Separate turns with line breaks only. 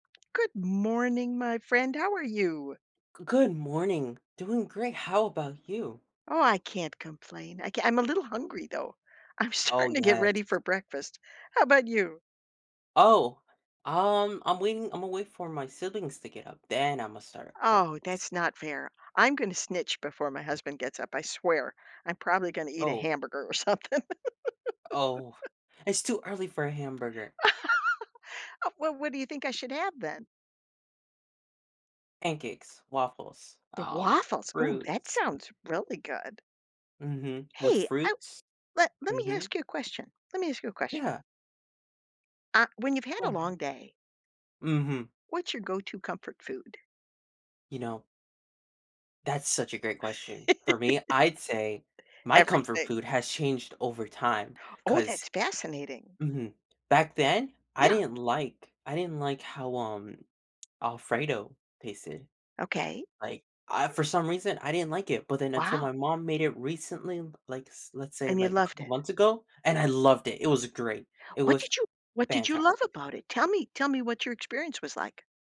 Good morning, my friend. How are you?
Good morning. Doing great. How about you?
Oh, I can't complain. I c I'm a little hungry, though. I'm
Oh,
starting to get
yes.
ready for breakfast. How 'bout you?
Oh, um, I'm waiting I'm a wait for my siblings to get up, then I'm a start up
Oh, that's
breakfast.
not fair, I'm gonna snitch before my husband gets up, I swear, I'm probably gonna eat a
Oh.
hamburger or something.
Oh. It's too early for a hamburger.
Well, what do you think I should have then?
Pancakes, waffles,
The
um,
waffles. Oh, that
fruits.
sounds really good.
Mhm. With
Hey. I
fruits?
Let let me
Mhm.
ask you a question. Let me ask you a question.
Yeah.
Ah, when you've had
Go
a
on
long
ahead.
day
Mhm.
what's your go to comfort food?
You know that's such a great question. For me, I'd say my comfort
Everything.
food has changed over time
Oh,
'cause
that's fascinating.
Mhm. Back then, I
Yeah.
didn't like I didn't like how, um, Alfredo tasted.
Okay.
Like, I for some reason, I didn't like it. But then until my
Wow.
mom made it recently, like, let's say,
And you
like, a
loved
couple
it?
months ago, and I loved it. It was great. It
What
was
did you what did you
fantastic.
love about it? Tell me tell me what your experience was like.